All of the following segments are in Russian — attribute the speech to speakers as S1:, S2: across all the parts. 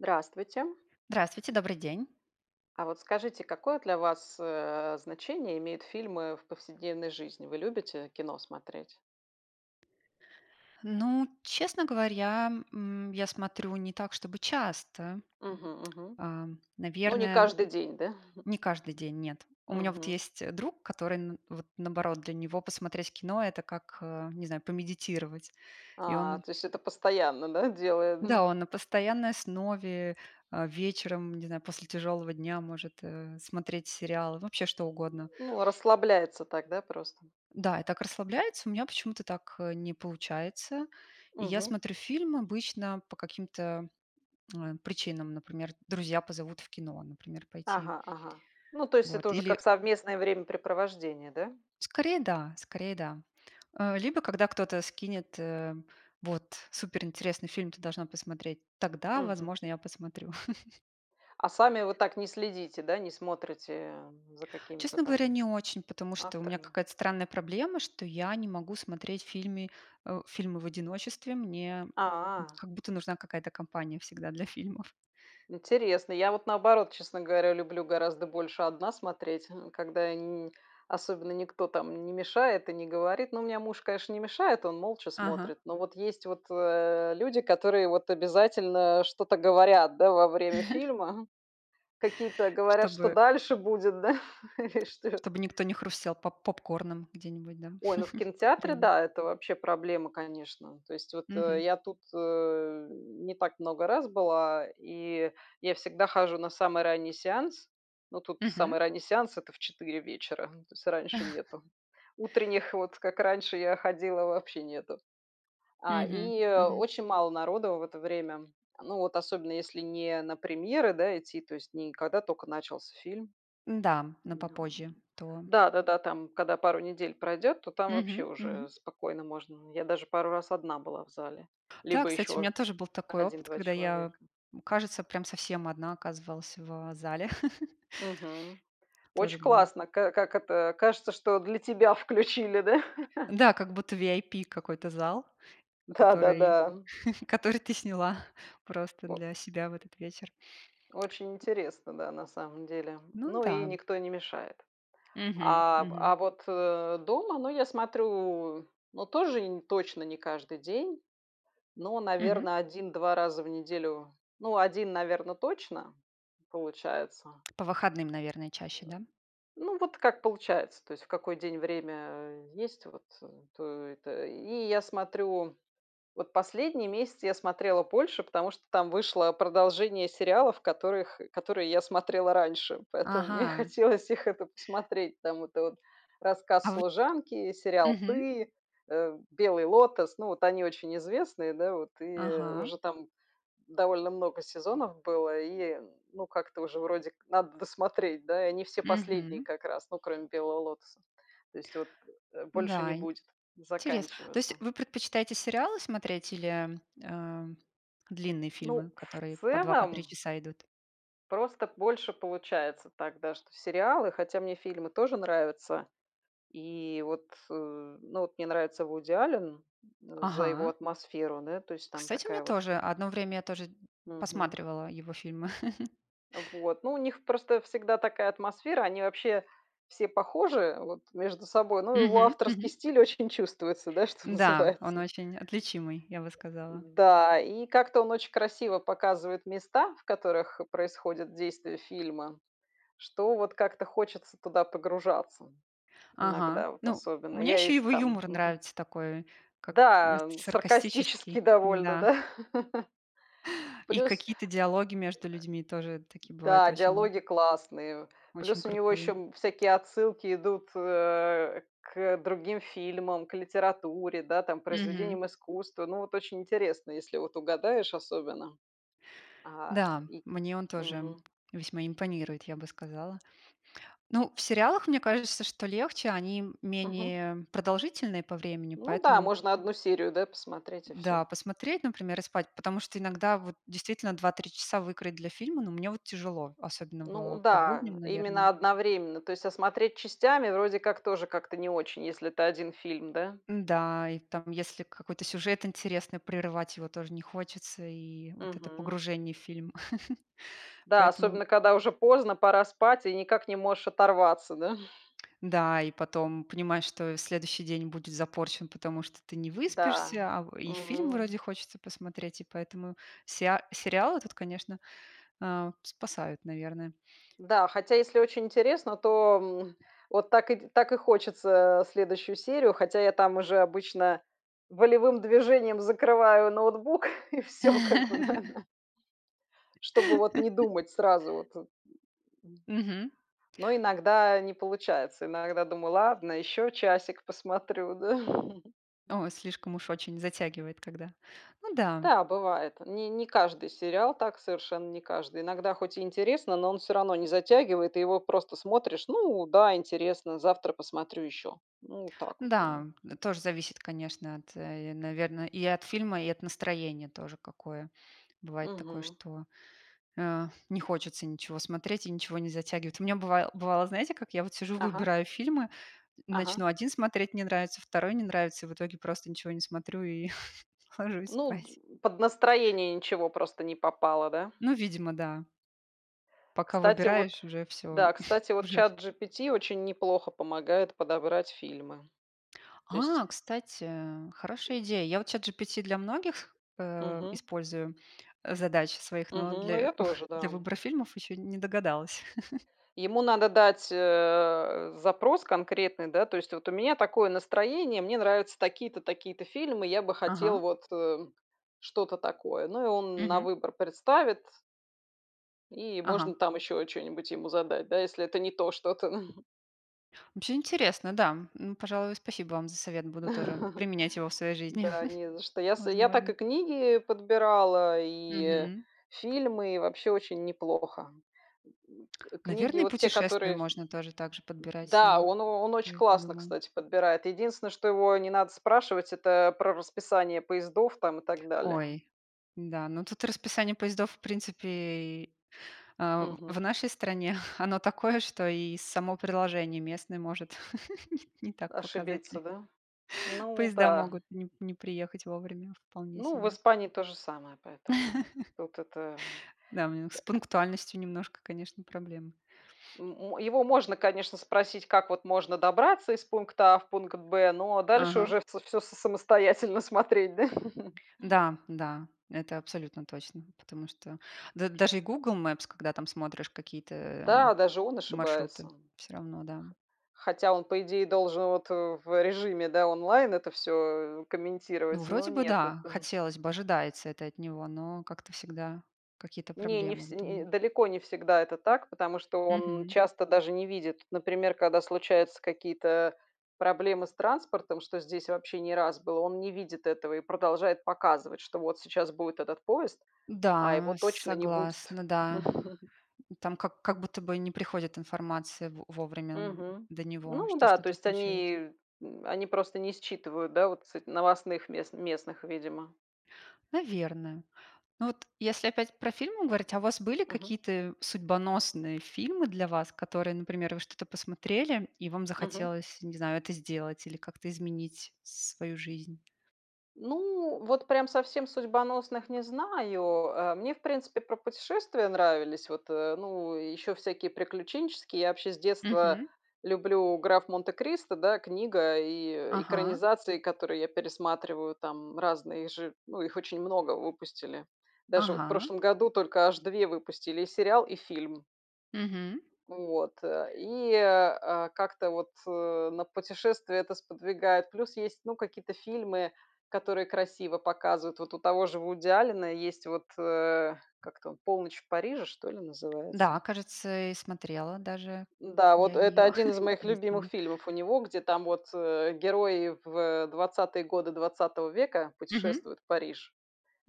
S1: Здравствуйте!
S2: Здравствуйте! Добрый день!
S1: А вот скажите, какое для вас, э, значение имеют фильмы в повседневной жизни? Вы любите кино смотреть?
S2: Ну, честно говоря, м, я смотрю не так чтобы часто.
S1: Мгм, мгм.
S2: Ам,
S1: Ну, не
S2: наверное,
S1: каждый день, да?
S2: не каждый день, нет. У меня вот
S1: Мгм.
S2: есть, э, друг, который н вот, наоборот— для него посмотреть кино это как, а, не знаю, помедитировать, и
S1: А,
S2: он
S1: то есть это постоянно, да, делает,
S2: да,
S1: ну
S2: он на постоянной основе, а, вечером, н не знаю, после тяжелого дня может, э, смотреть сериалы, вообще что угодно.
S1: Ну, расслабляется так, да, просто.
S2: Да, и так расслабляется. У меня почему-то так, э, не получается. И я
S1: Мгм.
S2: смотрю фильм обычно по каким-то, э, причинам. Например, друзья позовут в кино, например, пойти.
S1: Ага, ага. Ну, то есть это
S2: Вот,
S1: уже
S2: или
S1: как совместное времяпрепровождение, да?
S2: Скорее да, скорее да. Э, либо когда кто-то скинет, э, вот: "Суперинтересный фильм. Ты должна посмотреть",- тогда,
S1: Мгм.
S2: возможно, я посмотрю.
S1: А сами вы так не следите, да, не смотрите, э, за какими-то
S2: Честно говоря,
S1: там
S2: не очень, потому что у меня
S1: авторами?
S2: какая-то странная проблема, что я не могу смотреть фильмы, э, фильмы в одиночестве. Мне, м,
S1: А.
S2: как будто нужна какая-то компания всегда для фильмов.
S1: Интересно. Я вот, наоборот, честно говоря, люблю гораздо больше 1 смотреть, н когда я ни особенно никто там не мешает и не говорит. Ну, у меня муж, конечно, не мешает, он молча
S2: Ага.
S1: смотрит. Но вот есть вот, э, люди, которые вот обязательно что-то говорят, да, во время фильма, какие-то говорят, что
S2: Чтобы
S1: дальше будет, да, и что
S2: чтобы никто не хрустел поп поп-корном где-нибудь, да,
S1: Ой, ну в кинотеатре,
S2: рядом.
S1: да, это вообще проблема, конечно. То есть вот,
S2: Мгм.
S1: э, я тут, э, не так много раз была, и я всегда хожу на самый ранний сеанс. Ну тут
S2: Мгм.
S1: самый ранний сеанс это в 4 вечера, то есть раньше нету. Утренних вот, как раньше я ходила, вообще нету. А,
S2: Мгм.
S1: и
S2: Мгм.
S1: очень мало народу в это время, ну вот особенно, если не на премьеры, да, идти, то есть не когда только начался фильм.
S2: Н-да, на попозже, то он
S1: Да-да-да, там, когда пару недель пройдет, то там вообще
S2: Мгм. Мгм.
S1: уже спокойно можно. Я даже пару раз 1 была в зале,
S2: Да,
S1: либо
S2: кстати, у меня
S1: еще
S2: тоже был такой
S1: 1,
S2: опыт,
S1: 2
S2: когда я,
S1: человека.
S2: м, кажется, прям совсем 1 оказывалась в зале.
S1: Мгм.
S2: Тоже
S1: Очень
S2: было.
S1: классно, ка ка как это, кажется, что для тебя включили, да?
S2: Да, как будто VIP какой-то зал, который
S1: Да-да-да.
S2: который ты сняла просто
S1: Во
S2: для себя в этот вечер.
S1: Очень интересно, да, на самом деле,
S2: Ну
S1: ну и
S2: да.
S1: никто не мешает.
S2: Мгм.
S1: А,
S2: Мгм.
S1: а вот, э, дома, ну, я смотрю ну тоже инь точно не каждый день, но,
S2: Мгм.
S1: наверно, 1, 2 раза в неделю. Ну, 1, наверно, точно получается.
S2: По выходным, наверное, чаще, да?
S1: Ну вот, как получается, то есть в какой день время есть вот, э, то это И я смотрю вот последний месяц я смотрела больше, потому что там вышло продолжение сериалов, которых, э, которые я смотрела раньше, поэтому мне
S2: Ага.
S1: хотелось их, это, посмотреть. Там это вот:
S2: А
S1: "Рассказ
S2: воть
S1: служанки", сериал
S2: Мгм.
S1: "Ты", э, "Белый лотос". Ну вот они очень известные, да вот, и
S2: Ага.
S1: уже там довольно много сезонов было, и ну как-то уже, вроде как, надо досмотреть, да? Они все последние
S2: Мгм.
S1: как раз, ну, кроме "Белого Лотоса". То есть вот, э, больше не
S2: Да, ин
S1: будет,
S2: терес. То есть
S1: заканчиваются.
S2: вы предпочитаете сериалы смотреть или, эм, длинные
S1: Ну,
S2: фильмы, которые
S1: в
S2: по 2, по 3
S1: целом
S2: часа идут?
S1: просто больше получается так, да, что сериалы. Хотя мне фильмы тоже нравятся, и вот, э Ну вот мне нравится Вуди Аллен за его
S2: Ага.
S1: атмосферу, да. То есть там
S2: Кстати, мне
S1: такая вот.
S2: тоже. Одно время я тоже д
S1: Мгм.
S2: посматривала его фильмы.
S1: А вот. Ну у них просто всегда такая атмосфера, они вообще все похожи, вот, между собой, но его
S2: Мгм.
S1: авторский
S2: Мгм.
S1: стиль очень чувствуется, да, что
S2: Да, он
S1: называется.
S2: очень отличимый, я бы сказала.
S1: Да, и как-то он очень красиво показывает места, в которых происходит действие фильма, что вот как-то хочется туда погружаться,
S2: Ага.
S1: иногда вот
S2: Ну,
S1: особенно.
S2: мне
S1: Я
S2: ещё
S1: если
S2: его
S1: там
S2: юмор
S1: Мгм.
S2: нравится такой, как, ну,
S1: Да, саркастически
S2: саркастический,
S1: довольно,
S2: да.
S1: да?
S2: И
S1: Плюс
S2: какие-то диалоги между людьми тоже такие бывают
S1: Да,
S2: очень,
S1: диалоги классные.
S2: очень
S1: Плюс у него еще,
S2: крутые.
S1: м, всякие отсылки идут, э, к другим фильмам, к литературе, да, там к
S2: Мгм.
S1: произведениям искусства. Ну вот очень интересно, если вот угадаешь особенно. А,
S2: Да,
S1: и к
S2: мне он тоже
S1: Мгм.
S2: весьма импонирует, я бы сказала. Ну, в сериалах, мне кажется, что легче. Они
S1: Мгм.
S2: менее продолжительные по времени,
S1: Ну да,
S2: поэтому
S1: можно 1 серию, да, посмотреть и
S2: Да,
S1: всё.
S2: посмотреть, например, и спать. Потому что иногда вот, действительно, 2, 3 часа выкроить для фильма- ну, мне вот тяжело, особенно
S1: Ну
S2: в по
S1: да,
S2: будням, наверное.
S1: именно одновременно, то есть, а смотреть частями, вроде как, тоже как-то не очень, если это 1 фильм. Да?
S2: Н-да, и там, если какой-то сюжет интересный, прерывать его тоже не хочется, и вот это
S1: Мгм.
S2: погружение в фильм.
S1: Да,
S2: Поэтому
S1: особенно когда уже поздно, пора спать и никак не можешь оторваться. Да?
S2: Да, и потом понимаешь, что следующий день будет запорчен, потому что ты не
S1: Да.
S2: выспишься, а в и фильм
S1: Мгм.
S2: вроде хочется посмотреть, и поэтому сеа сериалы тут, конечно, а, спасают, наверно.
S1: Да, хотя, если очень интересно, то, м, вот так и так и хочется, э, следующую серию. Хотя я там уже обычно волевым движением закрываю ноутбук и всё, как бы, да, на чтобы, вот, не думать сразу вот, э, м.
S2: Мгм.
S1: Но иногда не получается. Иногда думаю: "Ладно, еще часик посмотрю",- да.
S2: О, слишком уж очень затягивает когда. Ну да.
S1: Да, бывает. Не не каждый сериал так, совершенно не каждый. Иногда, хоть и интересно, но он всё равно не затягивает, и его просто смотришь: "Ну да, интересно. Завтра посмотрю еще". Ну вот так вот, да.
S2: Да, тоже зависит, конечно, от, э, наверно, и от фильма, и от настроения тоже какое. Бывает такое,
S1: Мгм.
S2: что, э, не хочется ничего смотреть, и ничего не затягивает. У меня быва бывало, знаете как, я вот сижу
S1: Ага.
S2: выбираю фильмы,
S1: Ага.
S2: начну 1 смотреть- не нравится, 2- не нравится и в итоге просто ничего не смотрю, и ложусь
S1: Ну,
S2: спать.
S1: д под настроение ничего просто не попало, да?
S2: Ну, видимо, да. Пока
S1: Кстати, вот
S2: выбираешь, уже всё,
S1: Да, кстати, вот
S2: уже в
S1: ChatGPT очень неплохо помогает подобрать фильмы. То есть
S2: А, кстати, хорошая идея. Я вот ChatGPT для многих, э,
S1: Мгм.
S2: использую задач своих, но
S1: Мгм, ну
S2: для
S1: я тоже,
S2: для
S1: да.
S2: выбора фильмов еще не догадалась.
S1: Ему надо дать, э, запрос конкретный, да, то есть: вот у меня такое настроение, мне нравятся такие-то, такие-то фильмы, я бы хотел
S2: Ага.
S1: вот, э, м, что-то такое. Ну, и он на
S2: Мгм.
S1: выбор представит и можно
S2: Ага.
S1: там еще чё-нибудь ему задать, да, если это не то что-то.
S2: Вообще интересно, да. М, пожалуй, спасибо вам за совет. Буду тоже применять его в своей жизни.
S1: Да, не за что. Я с я так и
S2: Возможно.
S1: книги подбирала, и, э,
S2: Мгм.
S1: фильмы, и вообще очень неплохо. К книги,
S2: Наверно, и
S1: вот те,
S2: путешествия
S1: которые
S2: можно тоже также подбирать с
S1: Да,
S2: ним.
S1: он о он очень
S2: Я
S1: классно,
S2: подумала.
S1: кстати, подбирает. Единственное, что его не надо спрашивать, это про расписание поездов там и так далее.
S2: Ой, да, ну тут расписание поездов в принципе и, а,
S1: Мгм.
S2: в нашей стране, оно такое, что и само приложение местное может не так
S1: Ошибиться,
S2: показатели.
S1: да? Ну
S2: Поезда
S1: да.
S2: могут не не приехать вовремя вполне
S1: Ну, в
S2: себе.
S1: Испании то же самое, поэтому, вот это, м,
S2: Да, у него с
S1: эк
S2: пунктуальностью немножко, конечно, проблемы.
S1: М мо его можно, конечно, спросить, как вот можно добраться из пункта А в пункт Б, но дальше
S2: Ага.
S1: уже вс всё с самостоятельно смотреть, да.
S2: Да, да, это абсолютно точно, потому что да, даже и Google Maps, когда там смотришь какие-то, э, м,
S1: Да, даже он ошибается.
S2: маршруты, всё равно, да.
S1: Хотя он, по идее, должен вот, э, в режиме, да, онлайн это всё
S2: Ну,
S1: комментировать, но-
S2: вроде бы,
S1: нет
S2: да,
S1: этого.
S2: хотелось бы, ожидается это от него, но как-то всегда какие-то
S1: Не, не
S2: проблемы
S1: все
S2: вот у
S1: э,
S2: меня.
S1: далеко не всегда это так, потому что он
S2: Мгм.
S1: часто даже не видит. Например, когда случаются какие-то проблемы с транспортом- что здесь вообще не раз было- он не видит этого и продолжает показывать, что вот сейчас будет этот поезд, а его
S2: Да,
S1: точно не будет.
S2: согласна, да. Там как как будто бы не приходит информация во вовремя д
S1: Мгм.
S2: до него,
S1: Ну
S2: что
S1: да, то
S2: что-то
S1: есть
S2: случилось.
S1: они, э, они просто не считывают, да, вот с новостных мес местных, видимо.
S2: Наверно. Но вот, если опять про фильмы говорить- а у вас были
S1: Мгм.
S2: какие-то судьбоносные фильмы для вас, которые, например, вы что-то посмотрели, и вам
S1: Мгм.
S2: захотелось, не знаю, это сделать, или как-то изменить свою жизнь?
S1: Ну, вот прям совсем судьбоносных не знаю. Э, мне в принципе про путешествия нравились, вот, э, ну еще всякие приключенческие. Я вообще с детства
S2: Мгм.
S1: люблю "Граф Монте-Кристо", да, книга и
S2: Ага.
S1: экранизации, которые я пересматриваю, там разные же. Ну их очень много выпустили. Даже вот в
S2: Ага.
S1: прошлом году только аж 2 выпустили: и сериал, и фильм.
S2: Мгм.
S1: Вот, э, и, а, как-то вот, э, на путешествия это сподвигает. Плюс, есть ну какие-то фильмы, которые красиво показывают. Вот у того же Вуди Аллена есть вот, э Как там? "Полночь в Париже", что ли, называется.
S2: Да, кажется, и смотрела даже
S1: Да.
S2: я
S1: Вот это
S2: ее,.
S1: 1 из моих любимых
S2: [unintelligible]
S1: фильмов у него. Где, там вот, э, герои в 20-е годы 20 века
S2: Мгм.
S1: путешествуют в Париж.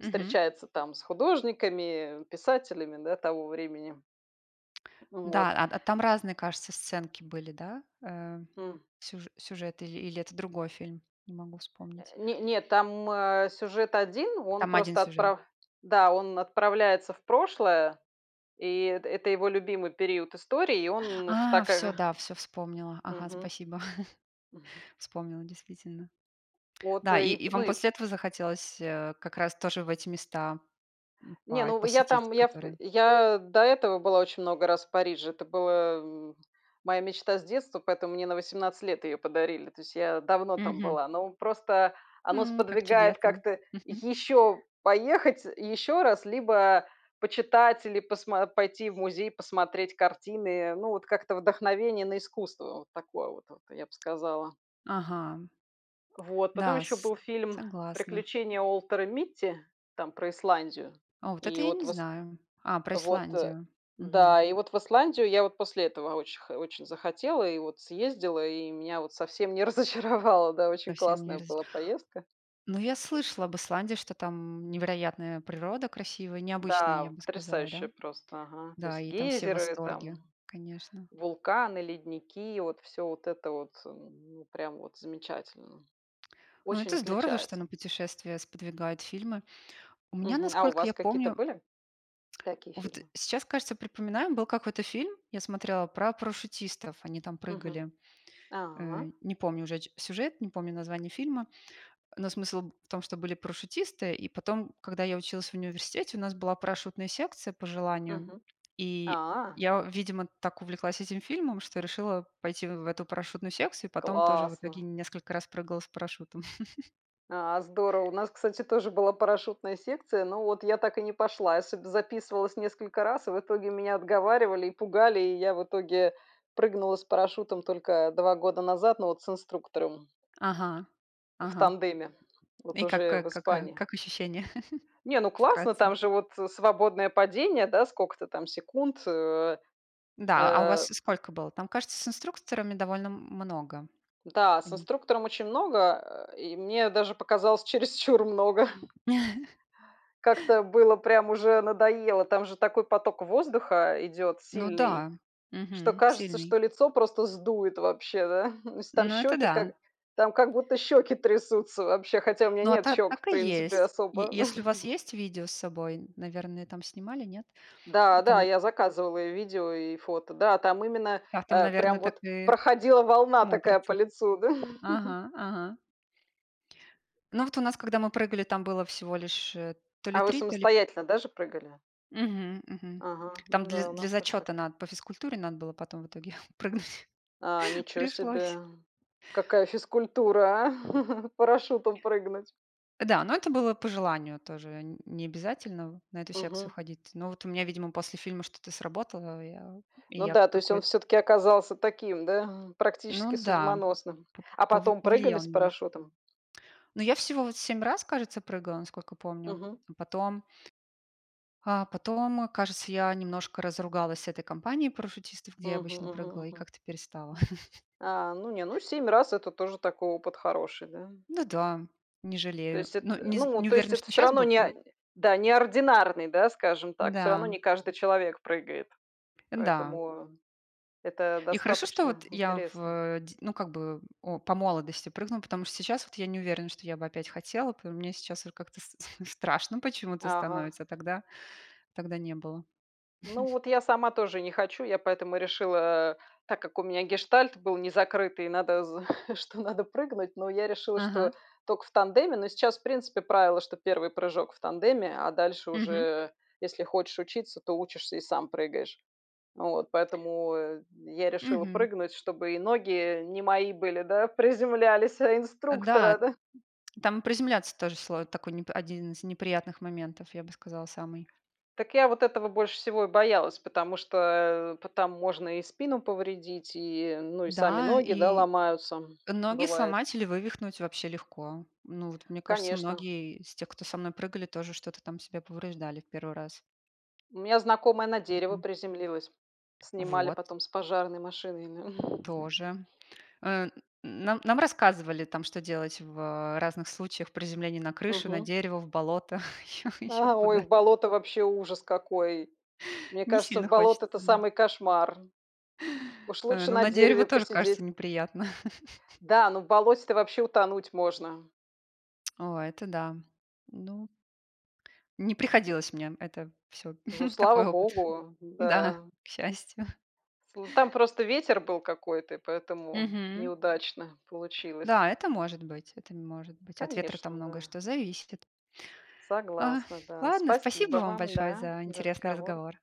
S2: Мгм.
S1: там с художниками, писателями, да, того времени.
S2: Да,
S1: Вот.
S2: а а т там разные, кажется, сценки были, да? Э,
S1: М.
S2: сюж сюжет или или это другой фильм? Не могу
S1: Э,
S2: вспомнить.
S1: не нет, там, э, сюжет 1, он
S2: Там 1
S1: просто
S2: сюжет?
S1: отправ да, он отправляется в прошлое, и это это его любимый период истории, и он в
S2: А,
S1: так,
S2: всё,
S1: ага
S2: да, всё вспомнила. Ага,
S1: Мгм.
S2: спасибо.
S1: Мгм.
S2: Вспомнила, действительно.
S1: Вот
S2: Да, и
S1: и и
S2: и
S1: п ну
S2: вам
S1: и п
S2: после этого захотелось, э, как раз тоже в эти места, м,
S1: Не,
S2: па
S1: ну в я
S2: посетить
S1: там Я п
S2: которые?
S1: я до этого была очень много раз в Париже. Это было, м моя мечта с детства, поэтому мне на 18 лет ее подарили. То есть я давно там
S2: Мгм.
S1: была, но просто оно
S2: М, как
S1: сподвигает
S2: чудесно!
S1: как-то
S2: Мгм.
S1: еще поехать, э, и еще раз, либо почитать или посмо пойти в музей посмотреть картины, э. Ну вот как-то вдохновение на искусство вот такое вот, вот я б сказала.
S2: Ага,
S1: Вот, потом
S2: да,
S1: еще
S2: с
S1: был фильм
S2: согласна.
S1: "Приключения Уолтера Митти" там про Исландию,
S2: О, вот это
S1: и
S2: я
S1: вот
S2: не
S1: вос
S2: знаю. А, про
S1: вот, э
S2: Исландию. Мгм.
S1: да. И вот в Исландию я вот после этого оч х очень захотела и вот съездила, и меня вот совсем не разочаровало, да. Очень
S2: Совсем не
S1: классная
S2: раз
S1: была поездка.
S2: Ну, я слышала об Исландии, что там невероятная природа, красивая, необычная,
S1: Да
S2: я
S1: вот,
S2: бы сказала, да?
S1: потрясающие просто, ага, то
S2: Да,
S1: есть:
S2: и там все в
S1: гейзеры, там,
S2: восторге, конечно.
S1: вулканы, ледники- и вот всё вот это вот, м, ну прям вот замечательно.
S2: Ну
S1: Очень
S2: это здорово, что
S1: отличается.
S2: на путешествия сподвигают фильмы. У меня,
S1: Мгм. А у
S2: насколько
S1: вас
S2: я
S1: какие-то
S2: помню
S1: были? Такие
S2: Вот
S1: фильмы?
S2: сейчас, кажется, припоминаю, был какой-то фильм, я смотрела, про парашютистов, они там
S1: Мгм.
S2: прыгали.
S1: А.
S2: Э, не помню уже о ч сюжет, не помню название фильма, э, но смысл б в том, что были парашютисты, и потом, когда я училась в университете, у нас была парашютная секция по желанию,
S1: Мгм.
S2: и
S1: А.
S2: я, видимо, так увлеклась этим фильмом, что решила пойти в эту парашютную секцию, и потом тоже в итоге
S1: Классно!
S2: несколько раз прыгала с парашютом.
S1: А, здорово! У нас, кстати, тоже была парашютная секция, но вот я так и не пошла. Я сюда записывалась несколько раз, и в итоге меня отговаривали и пугали, и я в итоге прыгнула с парашютом только 2 года назад, но вот с инструктором.
S2: Ага.
S1: В
S2: Ага.
S1: тандеме, вот
S2: И как,
S1: уже
S2: э
S1: в
S2: как, э
S1: Испании.
S2: как ощущения?
S1: Не, ну классно,
S2: Вкратце.
S1: там же вот, э, свободное падение, да, сколько-то там секунд. Э
S2: Да, а у вас
S1: э.
S2: сколько было? Там, кажется, с инструкторами довольно м много.
S1: Да, с
S2: Пони
S1: инструктором очень много, э, и мне даже показалось чересчур много. Как-то было прям уже надоело. Там же такой поток воздуха идет
S2: Ну
S1: сильный,
S2: да.
S1: что
S2: Мгм.
S1: кажется,
S2: Сильный.
S1: что лицо просто сдует вообще, да. То есть там
S2: Ну это,
S1: щеки
S2: да.
S1: как там как будто щеки трясутся вообще, хотя у меня
S2: Ну, а
S1: нет
S2: та
S1: щек, в
S2: так и
S1: принципе,
S2: есть. Е
S1: особо.
S2: если у вас есть видео с собой, наверное, там снимали, нет? Э,
S1: Да, да,
S2: там
S1: я заказывала и видео, и фото. Да, там именно,
S2: [unintelligible]
S1: э, прям
S2: ,наверно, так
S1: вот
S2: и
S1: проходила волна такая по
S2: смотрится.
S1: лицу, да.
S2: Ага, ага. Ну вот у нас, когда мы прыгали, там было всего лишь, э, то ли
S1: А вы
S2: 3, то ли
S1: самостоятельно, да, же прыгали?
S2: Мгм, мгм.
S1: Ага.
S2: Там
S1: Ну
S2: для
S1: да, у
S2: для
S1: нас тоже так,
S2: зачёта
S1: да.
S2: надо, по физкультуре надо было потом в итоге прыгнуть.
S1: А, ничего себе!
S2: Пришлось.
S1: Какая физкультура, а! Парашютом прыгнуть.
S2: Да, но это было по желанию тоже. Не не обязательно в на эту секцию
S1: Мгм.
S2: ходить. Но вот у меня, видимо, после фильма что-то сработало и я и
S1: Ну
S2: я
S1: да, то есть он
S2: какой
S1: всё-таки оказался таким, да,
S2: Ну
S1: практически
S2: да,
S1: судьбоносным.
S2: по
S1: А
S2: пов
S1: потом прыгали
S2: повлиял
S1: с
S2: немножко.
S1: парашютом?
S2: Ну я всего вот 7 раз, кажется, прыгала, насколько помню.
S1: Мгм.
S2: Потом а потом, кажется, я немножко разругалась с этой компанией парашютистов, где я
S1: Мгм
S2: обычно
S1: мгм
S2: прыгала, и
S1: мгм.
S2: как-то перестала.
S1: А, ну, не, ну 7 раз это тоже такой опыт хороший, да?
S2: Ну да, не
S1: То
S2: жалею.
S1: есть эт
S2: Но не з
S1: ну,
S2: не
S1: то есть
S2: уверена,
S1: это
S2: что
S1: всё
S2: щас
S1: равно
S2: бы пры
S1: не да, не ординарный, да, скажем так, всё равно
S2: Н-да.
S1: не каждый человек прыгает.
S2: Н-да.
S1: Поэтому это
S2: И хорошо, что
S1: достаточно
S2: вот я в,
S1: интересно.
S2: э, д ну, как бы, э, о, по молодости прыгнула, потому что сейчас вот я не уверена, что я бы опять хотела, по мне сейчас уже как-то ст страшно почему-то
S1: Ага.
S2: становится, а тогда, тогда не было.
S1: Ну вот я сама тоже не хочу. Я поэтому решила, э,- так как у меня гештальт был незакрытый- надо з что надо прыгнуть, но я решила, что
S2: Ага.
S1: только в тандеме. Но сейчас, в принципе, правило, что 1 прыжок в тандеме, а дальше
S2: Мгм.
S1: уже, если хочешь учиться, то учишься и сам прыгаешь. Вот, поэтому, э, я решила
S2: Мгм.
S1: прыгнуть, чтобы и ноги не мои были, да, приземлялись, а
S2: Э, да,
S1: инструктора, да.
S2: там и приземляться тоже сло такой неп 1 из неприятных моментов, я бы сказала, самый.
S1: Так я вот этого больше всего и боялась, потому что, э, по там можно и спину повредить, и, ну и сами
S2: Да,
S1: ноги, да,
S2: и
S1: ломаются,
S2: ноги
S1: бывает.
S2: сломать или вывихнуть вообще легко. Ну, вот, мне кажется,
S1: Конечно.
S2: многие из тех, кто со мной прыгали, тоже что-то там себе повреждали в 1 раз.
S1: У меня знакомая на дерево
S2: Один.
S1: приземлилась, снимали
S2: Вот.
S1: потом с пожарной машиной.
S2: Тоже. Э, н нам нам рассказывали там, что делать в, а, разных случаях приземления на крыши, на
S1: Мгм.
S2: дерево, в болото, ещё ещё
S1: А, ой!
S2: куда.
S1: В болото! Вообще ужас какой! Мне
S2: Не
S1: кажется, в
S2: сильно
S1: болото-
S2: хочется,
S1: это
S2: да.
S1: самый кошмар. Уж
S2: Э,
S1: лучше
S2: ну
S1: на
S2: на дерево
S1: дереве
S2: тоже, кажется,
S1: посидеть.
S2: неприятно.
S1: Да, но в болоте-то вообще утонуть можно.
S2: О, это да. Ну Не
S1: М.
S2: приходилось мне, это всё
S1: Ну, слава
S2: такой опыт.
S1: богу,
S2: Да,
S1: да.
S2: к счастью.
S1: Слу там просто ветер был какой-то, и поэтому
S2: Мгм.
S1: неудачно получилось.
S2: Да, это может быть. Это не может быть. От ветра там
S1: Конечно,
S2: многое
S1: да.
S2: что зависит. Ага,
S1: Согласна, да.
S2: ладно,
S1: Спасибо
S2: спасибо вам
S1: вам,
S2: большое
S1: да,
S2: за
S1: за
S2: интересный
S1: разговор.
S2: разговор.